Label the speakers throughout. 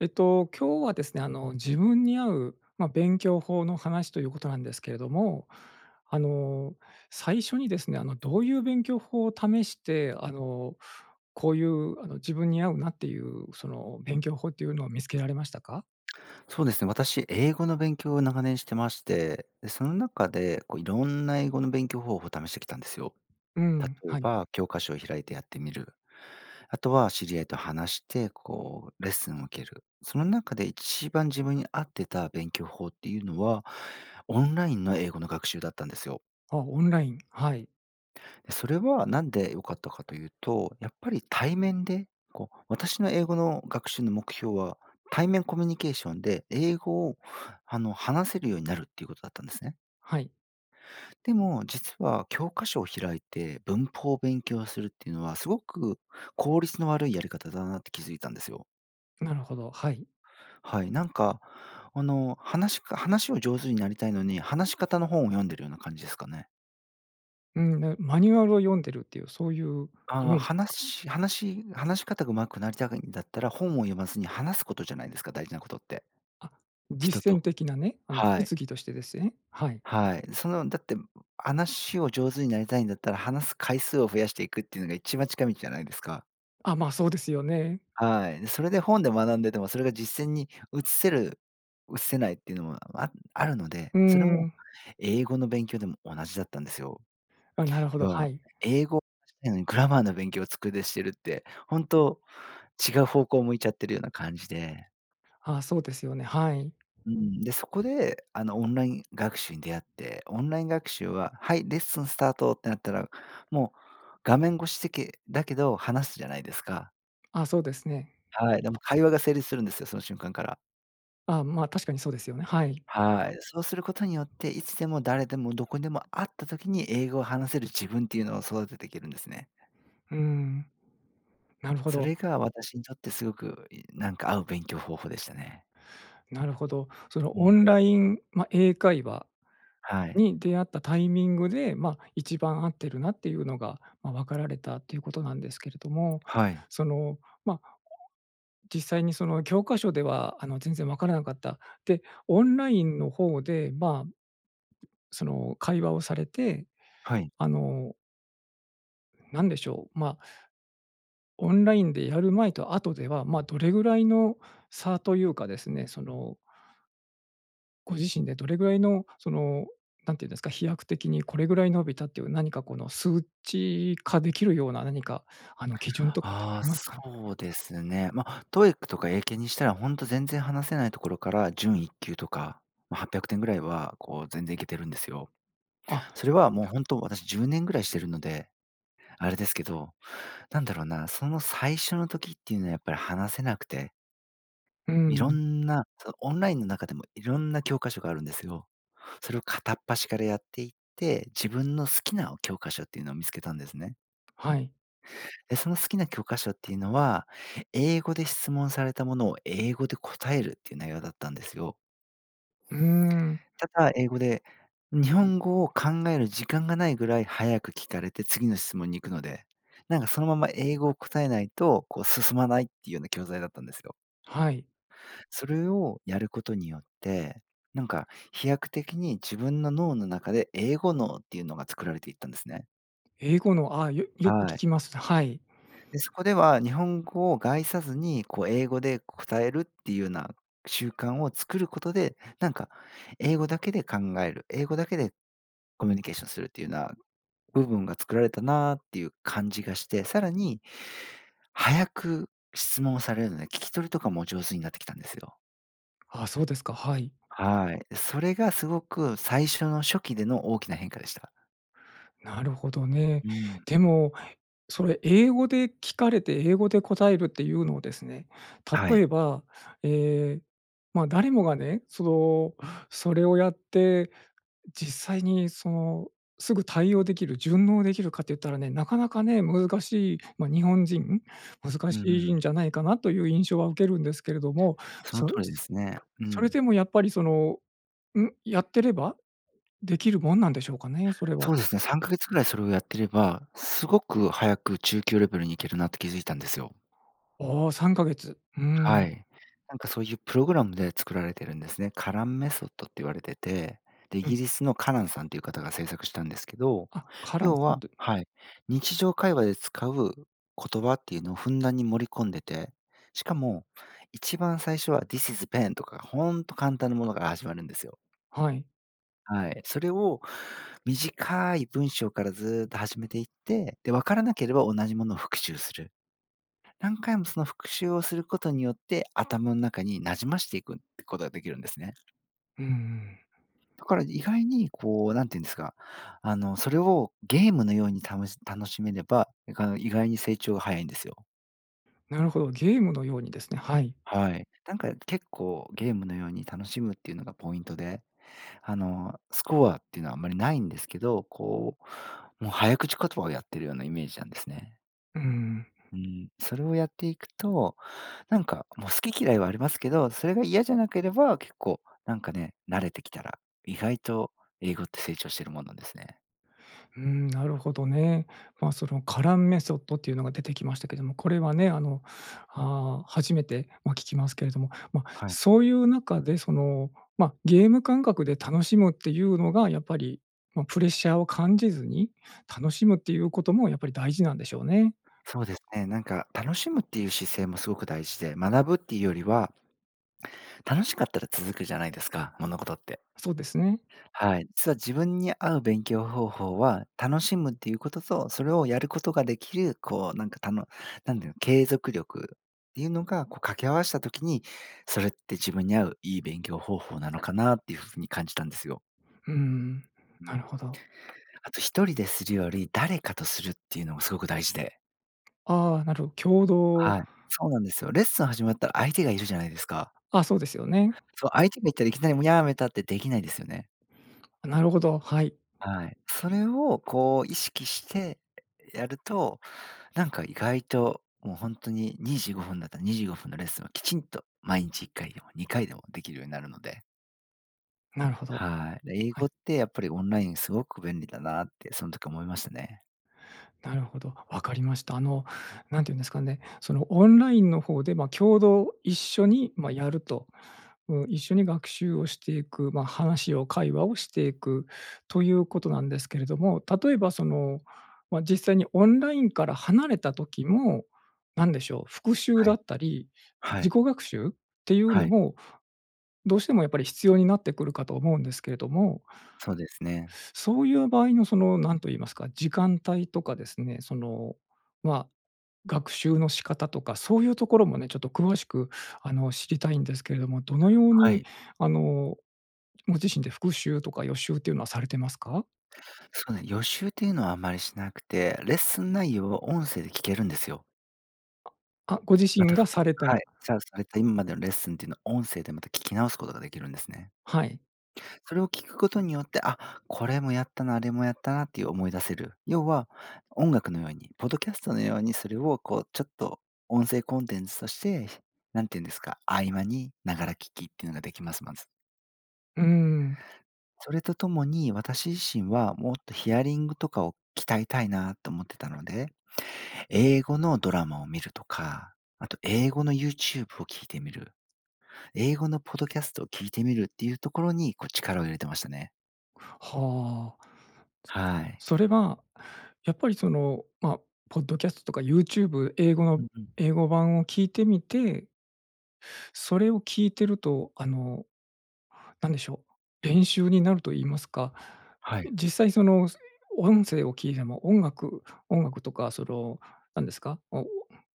Speaker 1: えっと、今日はですね、あの、自分に合う、ま、勉強法の話ということなんですけれども。あの、最初にですね、あの、どういう勉強法を試して、あの、こういう、あの、自分に合うなっていう、その、勉強法っていうのを見つけられましたか？
Speaker 2: そうですね。私、英語の勉強を長年してまして、で、その中で、こう、いろんな英語の勉強方法を試してきたんですよ。
Speaker 1: うん、
Speaker 2: 例え
Speaker 1: はい。
Speaker 2: ば、教科書を開いてやってみる。あとは知り合いと話して、こう、レッスンを受ける。その中で一番自分に合ってた勉強法っていうのは、オンラインの英語の学習だったんですよ。
Speaker 1: あ、オンライン、はい。
Speaker 2: それは、何で良かったかというと、やっぱり対面で、こう、私の英語の学習の目標は、対面コミュニケーションで英語を、あの、話せるようになるっていうことだったんですね。
Speaker 1: はい。
Speaker 2: でも実は、教科書を開いて文法を勉強するっていうのは、すごく効率の悪いやり方だなって気づいたんですよ。
Speaker 1: なるほど、はい。
Speaker 2: はい。なんか、あの、話しか話を上手になりたいのに、話し方の本を読んでるような感じですかね。
Speaker 1: うん、で、マニュアルを読んでるっていう、そういう
Speaker 2: あ
Speaker 1: イメ
Speaker 2: あ、
Speaker 1: ージですか？
Speaker 2: 話し話し話し方が上手くなりたいんだったら、本を読まずに話すことじゃないですか、大事なことって。
Speaker 1: あ、
Speaker 2: 人
Speaker 1: 実践
Speaker 2: と。
Speaker 1: 的なね。あの、
Speaker 2: はい。
Speaker 1: 実技としてですね、はい。
Speaker 2: はい。その、だって、話を上手になりたいんだったら、話す回数を増やしていくっていうのが、一番近道じゃないですか。
Speaker 1: あ、まあ、そうですよね。
Speaker 2: はい。で、それで本で学んでても、それが実践に移せる移せないっていうのも、ああるので。
Speaker 1: うー
Speaker 2: それも、
Speaker 1: ん。
Speaker 2: 英語の勉強でも同じだったんですよ。
Speaker 1: あ、なるほど、
Speaker 2: 要
Speaker 1: は
Speaker 2: は
Speaker 1: い。
Speaker 2: 英語を話したいのに、グラマーの勉強を机でしてるって、ほんと違う方向を向いちゃってるような感じで。
Speaker 1: ああ、そうですよね。はい。
Speaker 2: うん、で、そこで、あの、オンライン学習に出会って、オンライン学習は、はい、レッスンスタートってなったら、もう画面越しせけだけど話すじゃないですか。
Speaker 1: ああ、そうですね。
Speaker 2: はい、でも会話が成立するんですよ。その瞬間から。
Speaker 1: ああ、まあ確かにそうですよね。はい。
Speaker 2: はい。そうすることによって、いつでも誰でもどこでも、会った時に英語を話せる自分っていうのを、育てていけるんですね。
Speaker 1: うーん。なるほ
Speaker 2: そ
Speaker 1: ど。
Speaker 2: れが私にとってすごく、いなんか合う勉強方法でしたね。
Speaker 1: なるほど。その、
Speaker 2: う
Speaker 1: オ
Speaker 2: ん。
Speaker 1: ンラインま、英会話
Speaker 2: はい。
Speaker 1: に出会ったタイミングで、ま、一番合ってるなっていうのが、ま、わかられたということなんですけれども。
Speaker 2: はい。
Speaker 1: その、まあ、実際にその、教科書では、あの、全然わからなかった。で、オンラインの方でまあ、その、会話をされて、
Speaker 2: はい。
Speaker 1: あのなんでしょう。ま、オンラインでやる前と後では、まあ、どれぐらいの差というかですね、そのご自身でどれぐらいの、その、なんて言うんですか、飛躍的にこれぐらい伸びたっていう、何かこの数値化できるような、何かあの基準とかってあ
Speaker 2: ああ、
Speaker 1: りますかね？
Speaker 2: そうですね。ま、TOEICとか英検にしたら、ほんと全然話せないところから準1級とか、ま、800点ぐらいは、こう、全然いけてるんですよ。
Speaker 1: あ、はっぴゃ
Speaker 2: それはもう、ほん
Speaker 1: く。
Speaker 2: と私10年ぐらいしてるので、あれですけど。なんだろうな、その、最初の時っていうのはやっぱり話せなくて
Speaker 1: うー
Speaker 2: いろ
Speaker 1: ん。
Speaker 2: んなそう、オンラインの中でもいろんな教科書があるんですよ。それを片っ端からやっていって、自分の好きな、お、教科書っていうのを見つけたんですね。
Speaker 1: はい。
Speaker 2: で、その好きな教科書っていうのは、英語で質問されたものを英語で答えるっていう内容だったんですよ。
Speaker 1: うーん。
Speaker 2: ただ、英語で、日本語を考える時間がないぐらい速く聞かれて次の質問に行くので、なんか、そのまんま英語を答えないと、こう、進まないっていうような教材だったんですよ。
Speaker 1: はい。
Speaker 2: それをやることによって、なんか、飛躍的に自分の脳の中で、英語脳っていうのが作られていったんですね。
Speaker 1: 英語の、あ、よよく聞
Speaker 2: はい。
Speaker 1: きます。はい。
Speaker 2: で、そこでは日本語を介さずに、こう英語で答えるっていうな習慣を作ることで、なんか、英語だけで考える、英語だけでコミュニケーションするっていうな部分が作られたなっていう感じがして、さらに、速く質問されるので、聞き取りとかも上手になってきたんですよ。
Speaker 1: あ、そうですか。はい。
Speaker 2: はい、え、それがすごく最初の初期での大きな変化でした。
Speaker 1: なるほどね。
Speaker 2: うん。
Speaker 1: でも、それ英語で聞かれて英語で答えるっていうのをですね、
Speaker 2: は
Speaker 1: 例
Speaker 2: い。
Speaker 1: えば、ええ、ま、誰もがね、その、それをやって、実際にそのすぐ対応できる、順応できるかって言ったらね、なかなかね、難しいま、日本人、難
Speaker 2: うんう
Speaker 1: しい
Speaker 2: ん。
Speaker 1: んじゃないかなという印象は受けるんですけれども、
Speaker 2: その
Speaker 1: そそ
Speaker 2: 通りですね。う
Speaker 1: それ
Speaker 2: ん。
Speaker 1: でもやっぱりその、ん、やってればできるもんなんでしょうかね、それは。
Speaker 2: そうですね3か月ぐらいそれをやってれば、すごく早く中級レベルに行けるなって気づいたんですよ。
Speaker 1: おお3か月。うー
Speaker 2: は
Speaker 1: ん。
Speaker 2: い。なんかそういうプログラムで作られてるんですね。カランメソッドって言われてて、で、イ
Speaker 1: うん。
Speaker 2: ギリスのカランさんっていう方が制作したんですけど、
Speaker 1: あ、カラン
Speaker 2: 要
Speaker 1: さんっ
Speaker 2: は
Speaker 1: て。
Speaker 2: はい。日常会話で使う言葉っていうのをふんだんに盛り込んでて、しかも、一番最初は、this is pen とかほんと簡単なものから始まるんですよ。
Speaker 1: はい。
Speaker 2: はい。それを短い文章からずっと始めていって、で、分からなければ同じものを復習する。何回もその復習をすることによって、頭の中に馴染ましていくってことができるんですね。
Speaker 1: うんうん。
Speaker 2: だから意外にこう、何て言うんですか、あの、それをゲームのようにたのし楽しめれば、いが意外に成長が早いんですよ。
Speaker 1: なるほど、ゲームのようにですね、はい。
Speaker 2: はい、なんか結構、ゲームのように楽しむっていうのがポイントで。あの、スコアっていうのはあんまりないんですけど、こう、もう早口言葉をやっているようなイメージなんですね。
Speaker 1: うんうん。
Speaker 2: うーん、それをやっていくと、なんかもう、好き嫌いはありますけど、それが嫌じゃなければ、結構、なんかね、慣れてきたら、意外と英語って成長してるもんなんですね。
Speaker 1: うーん、なるほどね。ま、その、カランメソッドっていうのが出てきましたけども、これはね、あの、ああ、初めて、ま、聞きますけれども、ま、
Speaker 2: はい。
Speaker 1: そういう中でその、ま、ゲーム感覚で楽しむっていうのが、やっぱり、ま、プレッシャーを感じずに、楽しむっていうこともやっぱり大事なんでしょうね。
Speaker 2: そうですね、なんか、楽しむっていう姿勢もすごく大事で、学ぶっていうよりは、楽しかったら続くじゃないですか、物事って。
Speaker 1: そうですね。
Speaker 2: はい。実は自分に合う勉強方法は、楽しむっていうことと、それをやることができる、こう、なんかたのなんだろう、継続力っていうのがこう、掛け合わした時に、それって自分に合う、いい勉強方法なのかなっていう風に感じたんですよ。
Speaker 1: うーん、
Speaker 2: う
Speaker 1: な
Speaker 2: ん。
Speaker 1: るほど。
Speaker 2: あと1人でするより、誰かとするっていうのがすごく大事で
Speaker 1: ああ、なる共同
Speaker 2: はい、そうなんですよ。レッスン始まったら相手がいるじゃないですか。
Speaker 1: あ、そうですよね。
Speaker 2: そう、相手がいたらいきなり、もうやめたってできないですよね。
Speaker 1: あ、なるほど、はい。
Speaker 2: はい、それをこう、意識してやると、なんか意外ともうほんとに、25分だったら25分のレッスンをきちんと毎日1回でも2回でもできるようになるので。
Speaker 1: なるほど。
Speaker 2: はい、で、英
Speaker 1: はい。
Speaker 2: 語ってやっぱりオンラインすごく便利だなってそん時思いましたね。
Speaker 1: なるほど、わかりました。あの、なんて言うんですかね、その、オンラインのほうで、ま、共同、一緒に、ま、やると。う一緒に学習をしていく、ま、話を、会話をしていくということなんですけれども、例えばその、ま、実際にオンラインから離れた時も、なんでしょう、復習
Speaker 2: は
Speaker 1: だ
Speaker 2: い。
Speaker 1: ったり、
Speaker 2: は
Speaker 1: 自
Speaker 2: い。
Speaker 1: 己学習っていう
Speaker 2: は
Speaker 1: の
Speaker 2: い。
Speaker 1: も、どうしてもやっぱり必要になってくるかと思うんですけれども
Speaker 2: そうですね。
Speaker 1: そういう場合のその、なんと言いますか、時間帯とかですね、その、まあ学習の仕方とか、そういうところもね、ちょっと詳しくあの知りたいんですけれども、どのよう
Speaker 2: は
Speaker 1: に、
Speaker 2: い。
Speaker 1: あの、ご自身で復習とか予習ってゆうのはされてますか？
Speaker 2: そうね、予習っていうのはあんまりしなくて、レッスン内容を音声で聞けるんですよ。
Speaker 1: あ、ご自
Speaker 2: ま
Speaker 1: 身
Speaker 2: たふ
Speaker 1: が
Speaker 2: く
Speaker 1: された。
Speaker 2: はい、じゃあ、されたいんまでのレッスンっていうのを音声でまた聞き直すことができるんですね。
Speaker 1: はい。
Speaker 2: それを聞くことによって、あ、これもやったな、あれもやったなっていう思い出せる。要は、音楽のように、ポッドキャストのようにそれをこうちょっと音声コンテンツとして、何て言うんですか、合間にながら聞きっていうのができます、まず。
Speaker 1: うーん。
Speaker 2: それとともに、私自身はもっとヒアリングとかを鍛えたいなと思ってたので、英語のドラマを見るとか、あと英語の YouTube を聞いてみる。英語のポッドキャストを聞いてみるっていうところにこう力を入れてましたね。
Speaker 1: はあ。つ
Speaker 2: はい。
Speaker 1: それは、やっぱりそのま、ポッドキャストとか YouTube 英語
Speaker 2: う
Speaker 1: の
Speaker 2: んうん。
Speaker 1: 英語版を聞いてみてそれを聞いてると、あの、なんでしょう、練習になると言いますか、
Speaker 2: はい。
Speaker 1: 実際その、音声を聞いても、音楽音楽とかそのなんですか、お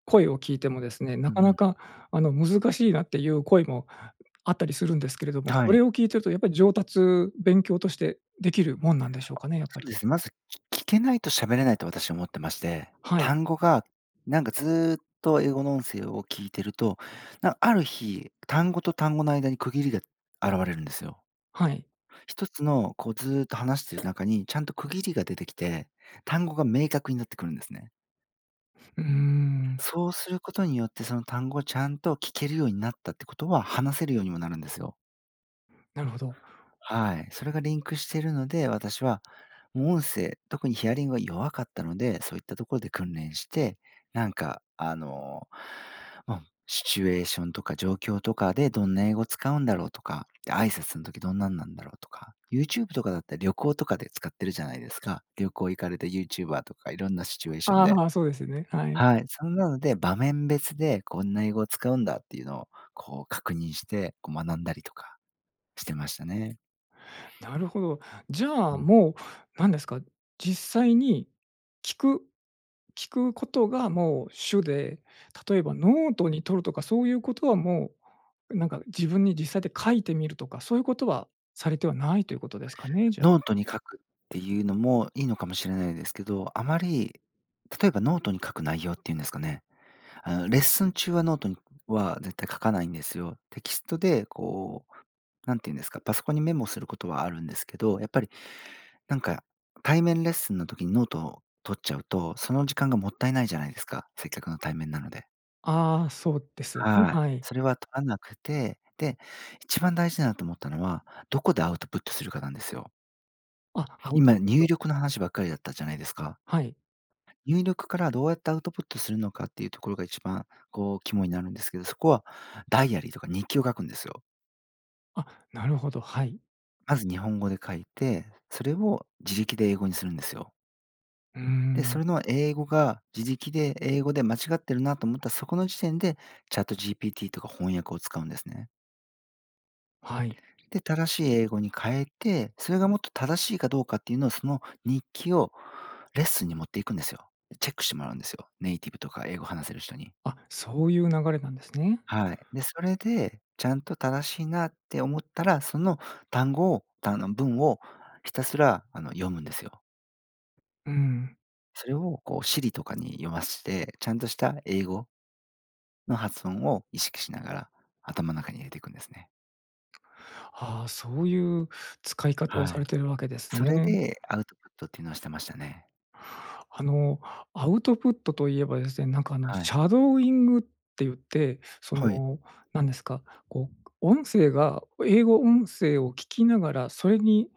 Speaker 1: 声を聞いてもですね、な
Speaker 2: う
Speaker 1: か
Speaker 2: んう
Speaker 1: な
Speaker 2: ん。
Speaker 1: か、あの難しいなっていう声もあったりするんですけれども、
Speaker 2: は
Speaker 1: そ
Speaker 2: い。
Speaker 1: れを聞いているとやっぱり上達、勉強としてできるもんなんでしょう
Speaker 2: あ、
Speaker 1: かね、やっぱ
Speaker 2: そう
Speaker 1: り。
Speaker 2: です、まず、き聞けないと喋れないと私は思ってまして、
Speaker 1: はい。
Speaker 2: 単語が、なんかずっと英語の音声を聞いてると、なある日、単語と単語の間に区切りが現れるんですよ。
Speaker 1: はい。
Speaker 2: ひとつのこうずうっと話している中に、ちゃんと区切りが出てきて、単語が明確になってくるんですね。
Speaker 1: うーん。
Speaker 2: そうすることによって、その単語をちゃんと聞けるようになったってことは、話せるようにもなるんですよ。
Speaker 1: なるほど。
Speaker 2: はい、それがリンクしてるので、私は、無音声、特にヒアリングは弱かったので、そういったところで訓練して、なんかあの、ま、シチュエーションとか状況とかでどんな英語使うんだろうとか、で挨拶の時どんなんなんだろうとか、YouTube とかだったら旅行とかで使ってるじゃないですか。旅行行かれた YouTuber とかいろんなシチュエーションで。
Speaker 1: ああ、そうですよね、はい。
Speaker 2: はい、そんなので場面別でこんな英語を使うんだっていうのをこう、確認して、こう、学んだりとかしてましたね。
Speaker 1: なるほど。じゃ
Speaker 2: う
Speaker 1: あ
Speaker 2: ん。
Speaker 1: もうなんですか、実際に聞く聞くことがもう主で、例えばノートに取るとかそういうことはもう、なんか自分に実際で書いてみるとか、そういうことはされてはないということですかね、じゃあ。
Speaker 2: ノートに書くっていうのもいいのかもしれないですけど、あまり、例えばノートに書く内容っていうんですかね、あの、レッスン中はノートに僕は絶対書かないんですよ。テキストでこうなんて言うんですか、パソコンにメモすることはあるんですけど、やっぱりなんか対面レッスンの時にノートを取っちゃうと、その時間がもったいないじゃないですか。せっかくの対面なので。
Speaker 1: ああ、そうです、ん、
Speaker 2: はい、
Speaker 1: はい。
Speaker 2: それは取らなくて、で、一番大事だなと思ったのは、どこでアウトプットするかなんですよ。
Speaker 1: あ、アウト
Speaker 2: 今ね、
Speaker 1: プッ
Speaker 2: 入
Speaker 1: ト。
Speaker 2: 力の話ばっかりだったじゃないですか。
Speaker 1: はい。
Speaker 2: 入力からどうやってアウトプットするのかっていうところが、一番こう、肝になるんですけど、そこはダイアリーとか日記を書くんですよ。
Speaker 1: あ、なるほど、はい。
Speaker 2: まず日本語で書いて、それを自力で英語にするんですよ。
Speaker 1: うー
Speaker 2: で、そ
Speaker 1: ん。
Speaker 2: れの英語が、自力で英語で間違ってるなと思ったら、そこの時点で ChatGPT とか翻訳を使うんですね。
Speaker 1: はい。
Speaker 2: で、正しい英語に変えて、それがもっと正しいかどうかっていうのは、その日記をレッスンに持っていくんですよ。で、チェックしてもらうんですよ。ネイティブとか英語話せる人に。
Speaker 1: あ、そういう流れなんですね。
Speaker 2: はい、で、それで、ちゃんと正しいなって思ったら、その単語をが、あの文を、ひたすらあの読むんですよ。
Speaker 1: うん。
Speaker 2: それを、こう Siri とかに読まして、ちゃんとした英語の発音を意識しながら、頭の中に入れていくんですね。
Speaker 1: ああ、そう言う使い方を
Speaker 2: は
Speaker 1: され
Speaker 2: い、
Speaker 1: てるわけです
Speaker 2: それ
Speaker 1: ね。
Speaker 2: でアウトプットっていうのはしてましたね。
Speaker 1: あの、アウトプットと言えばですね。なんか、あの
Speaker 2: はい。
Speaker 1: シャドーイングって言って、そ
Speaker 2: はい。
Speaker 1: の、何ですか、こう、音声が英語音声を聞きながら、それに、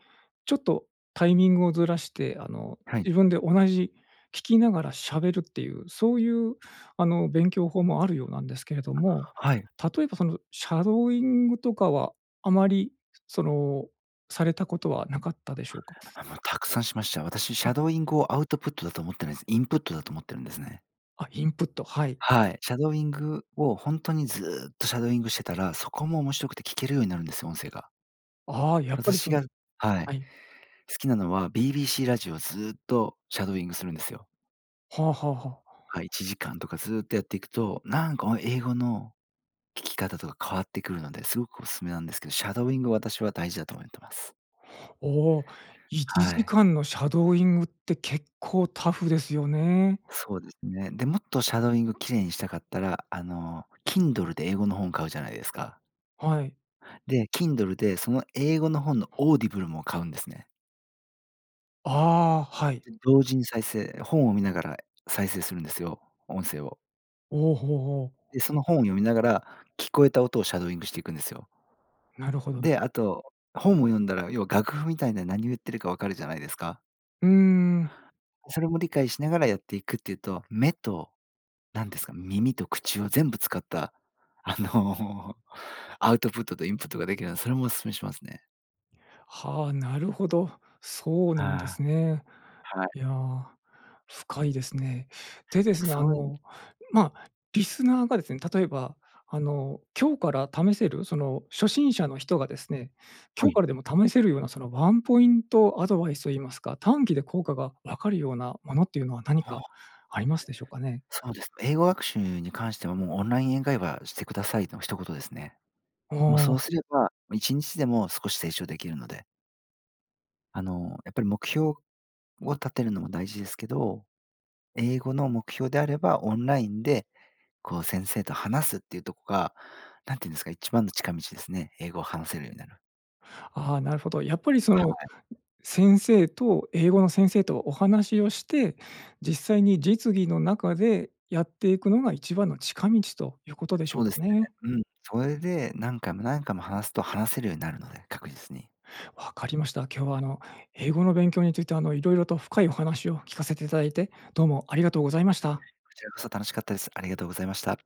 Speaker 1: ちょっとタイミングをずらして、あの、
Speaker 2: はい。
Speaker 1: 自分で同じ聞きながら喋るって言う、そう言う、あの、勉強法もあるようなんですけれども。
Speaker 2: はい。
Speaker 1: 例えば、そのシャドーイングとかは、あまりその、されたことはなかったでしょうか？
Speaker 2: あ、もう沢山しました。私シ
Speaker 1: あ。
Speaker 2: ャドーイングをアウトプットだと思ってないんす。インプットだと思ってるんですね。
Speaker 1: あ、インプット、はい。
Speaker 2: はい。シャドーイングを本当にずっとシャドーイングしてたら、そこも面白くて聴けるようになるんですよ、音声が。
Speaker 1: ああ。やっぱり
Speaker 2: 私
Speaker 1: その
Speaker 2: がはい。
Speaker 1: はい。
Speaker 2: 好きなのは BBC ラジオ、ずっとシャドーイングするんですよ。
Speaker 1: はあはあはあ。
Speaker 2: はい、1時間とか、ずっとやっていくと、なんか、おん英語の聞き方とか変わってくるので、凄くおすすめなんですけど、シャドーイングを私は大事だと思ってます。
Speaker 1: おお、いち
Speaker 2: は
Speaker 1: じ
Speaker 2: い。
Speaker 1: かんのシャドーイングって結構タフですよね。
Speaker 2: そうですね。で、もっとシャドーイング綺麗にしたかったら、あの Kindle で英語の本を買うじゃないですか。
Speaker 1: はい。
Speaker 2: で、Kindle で、その英語の本の Audible も買うんですね。
Speaker 1: ああ、はい。
Speaker 2: で、同時に再生、本を見ながら再生するんですよ、音声を。
Speaker 1: おお、ほおほお。
Speaker 2: で、その本を読みながら、聞こえた音をシャドーイングしていくんですよ。
Speaker 1: なるほど。
Speaker 2: で、あと、本を読んだら、要は楽譜みたいな何を言ってるか分かるじゃないですか？
Speaker 1: うーん。
Speaker 2: それも理解しながらやっていくっていうと、目となんですか、耳と口を全部使った、あの、アウトプットとインプットができるのでそれもお勧めしますね。
Speaker 1: はあ、なるほど、そうなん
Speaker 2: は
Speaker 1: です
Speaker 2: あ。
Speaker 1: ね。
Speaker 2: はい。
Speaker 1: いや、深いですね。で、で
Speaker 2: なん
Speaker 1: す
Speaker 2: か、
Speaker 1: ね、あ
Speaker 2: そういう
Speaker 1: の、まあ、リスナーがですね、例えばあの、今日から試せる、その、初心者の人がですね、
Speaker 2: は
Speaker 1: 今日
Speaker 2: い。
Speaker 1: からでも試せるような、その、ワンポイントアドバイスを言いますか、短期で効果が分かるようなものっていうのは、何
Speaker 2: は
Speaker 1: か
Speaker 2: あ。
Speaker 1: ありますでしょうかね。
Speaker 2: そうです。英語学習に関しては、もうオンライン英会話してくださいの一言ですね。
Speaker 1: あ
Speaker 2: も、そ
Speaker 1: あ。
Speaker 2: うすれば、も、1日でも少し成長できるので。あの、やっぱり目標を立てるのも大事ですけど、英語の目標であれば、オンラインで、こう、先生と話すっていうとこが、なんて言うんですか、一番の近道ですね、英語を話せるようになる。
Speaker 1: ああ、なるほど。やっぱりそ
Speaker 2: は
Speaker 1: の、
Speaker 2: い。
Speaker 1: 先生と、英語の先生とお話をして、実際に実技の中でやっていくのが一番の近道ということでしょ
Speaker 2: そ
Speaker 1: う
Speaker 2: うで
Speaker 1: か
Speaker 2: すね。
Speaker 1: ね。
Speaker 2: うん、それで何回も何回も話すと話せるようになるので、確実に。
Speaker 1: 分かりました。今日はあの、英語の勉強について、あの、いろいろと深いお話を聞かせていただいて、どうもありがとうございました。
Speaker 2: こちらこそ楽しかったです、ありがとうございました。